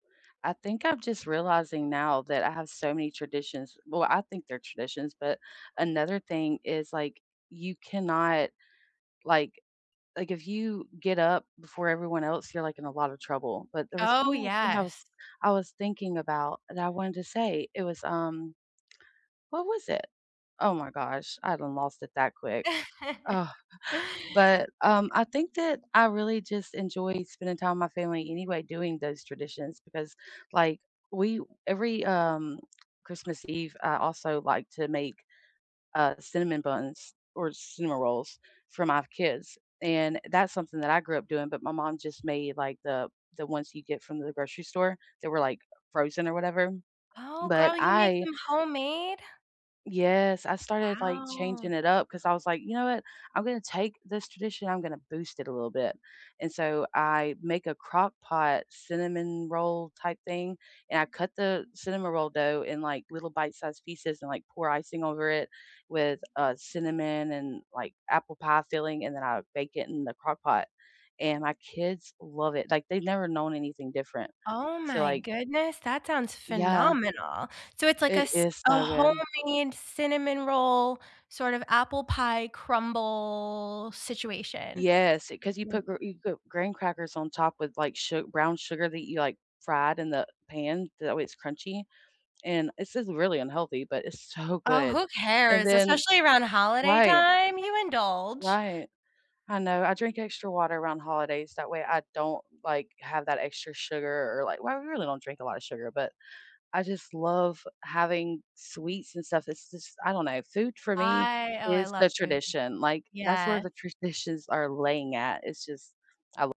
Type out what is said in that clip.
I think I'm just realizing now that I have so many traditions well, I think they're traditions, but another thing is, like, you cannot, like like, if you get up before everyone else, you're, like, in a lotta trouble. But there was Oh, one more thing I was yes. I was thinking about that I wanted to say. It was, um What was it? Oh my gosh, I done lost it that quick. Oh! But, um, I think that I really just enjoyed spending time with my family anyway doing those traditions, because, like, we every, um, Christmas Eve, I also like to make, uh, cinnamon buns or cinnamon rolls for my kids, and that's something that I grew up doing, but my mom just made, like, the the ones you get from the grocery store, they were, like, frozen or whatever. Oh, But girl, you make I them homemade? Yes. I started, like, Wow. changing it up, 'cause I was like, "You know what, I'm gonna take this tradition, I'm gonna boost it a little bit," and so I make a Crock-Pot cinnamon roll type thing, and I cut the cinnamon roll dough in, like, little bite-sized pieces and, like, pour icing over it with, uh, cinnamon and, like, apple pie filling, and then I bake it in the Crock-Pot, and my kids love it. Like, they've never known anything different. Oh So, my like goodness, that sounds Yeah. phenomenal. So, it's like a It s is a so good. homemade cinnamon roll, sort of apple pie crumble situation. Yes, it 'cause you [unintelligible] put gr you got graham crackers on top with, like, su brown sugar that you, like, fried in the pan, that way it's crunchy, and it's just really unhealthy, but it's so Oh, good. who And cares? then Especially around holiday Right. time, you indulge. Right. I know, I drink extra water around holidays, that way I don't, like, have that extra sugar or, like well, I really don't drink a lotta sugar, but I just love having sweets and stuff. It's just I don't know, food for me I Oh, I is love the food. tradition, like, that's where Yes. the traditions are laying at, it's just, I wo